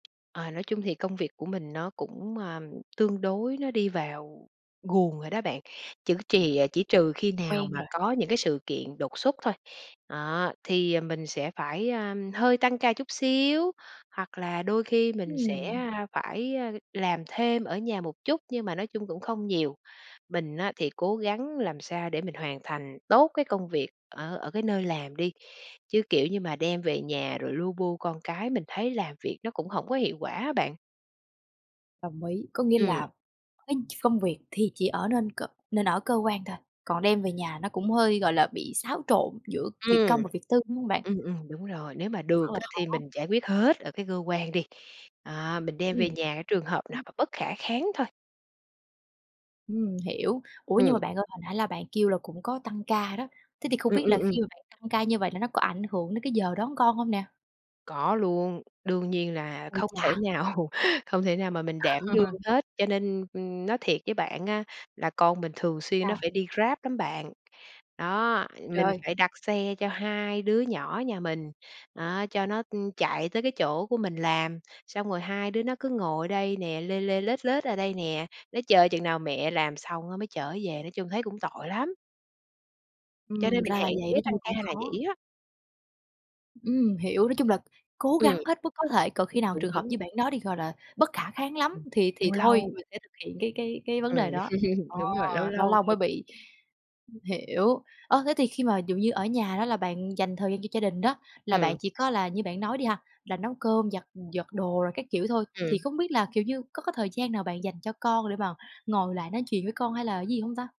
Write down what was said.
Ờ, nói chung thì công việc của mình nó cũng, ờm, tương đối nó đi vào guồng rồi đó bạn, chữ trì chỉ trừ khi nào Quen mà rồi. có những cái sự kiện đột xuất thôi, đó, thì mình sẽ phải, a, hơi tăng ca chút xíu, hoặc là đôi khi mình Ừm. sẽ phải, a, làm thêm ở nhà một chút, nhưng mà nói chung cũng không nhiều. Mình á thì cố gắng làm sao để mình hoàn thành tốt cái công việc ở ở cái nơi làm đi, chứ, kiểu như mà, đem về nhà rồi lu bu con cái mình thấy làm việc nó cũng hổng có hiệu quả á bạn. Đồng ý, có nghĩa Ừm. là cái công việc thì chỉ ở nên cơ nên ở cơ quan thôi, còn đem về nhà nó cũng hơi, gọi là, bị xáo trộn giữa việc công Ừm, và việc tư, đúng hông bạn? ừm, ừm, đúng rồi, nếu mà Rất được là á thì khó. mình giải quyết hết ở cái cơ quan đi, à, mình đem về Ừm. nhà cái trường hợp nào [unintelligible] mà bất khả kháng thôi. Ừm, hiểu. Ủa, nhưng mà Ừm. bạn ơi, hồi nãy là bạn kêu là cũng có tăng ca đó, thế thì không Ừm, biết ừm, là ừm. khi mà bạn tăng ca như vậy là nó có ảnh hưởng đến cái giờ đón con hông nè? Có luôn, đương nhiên là Ôi không thể chà! nào không thể nào mà mình đảm đương hết, cho nên, ưm, nói thiệt với bạn á, là con mình thường xuyên nó Sao? phải đi Grab lắm bạn. Đó, mình Trời! phải đặt xe cho 2 đứa nhỏ nhà mình, đó, cho nó, ưm, chạy tới cái chỗ của mình làm, xong rồi hai đứa nó cứ ngồi ở đây nè, lê lê lết lết ở đây nè, nó chờ chừng nào mẹ làm xong đó mới chở về, nói chung thấy cũng tội lắm! Cho Ừm, nên mình ra là hạn chế vậy, nói chung tăng là cũng ca là khó. vậy á. Ừm, hiểu, nói chung là cố Ừm. gắng hết mức có thể, còn khi nào Đúng, trường hợp đúng. như bạn nói đi, gọi là, bất khả kháng lắm Ừm, thì thì lâu thôi, lâu. mình sẽ thực hiện cái cái cái vấn Ừm, đề đó. Ờ, đúng rồi, lâu lâu lâu lâu mới thôi chứ. bị. Hiểu. Ơ, thế thì khi mà ví dụ như ở nhà đó, là bạn dành thời gian cho gia đình đó, là bạn Ừm. chỉ có là như bạn nói đi ha, là nấu cơm giặt giặt đồ rồi các kiểu thôi, thì Ừm. không biết là, kiểu như, có cái thời gian nào bạn dành cho con để mà ngồi lại nói chuyện với con hay là cái gì hông ta?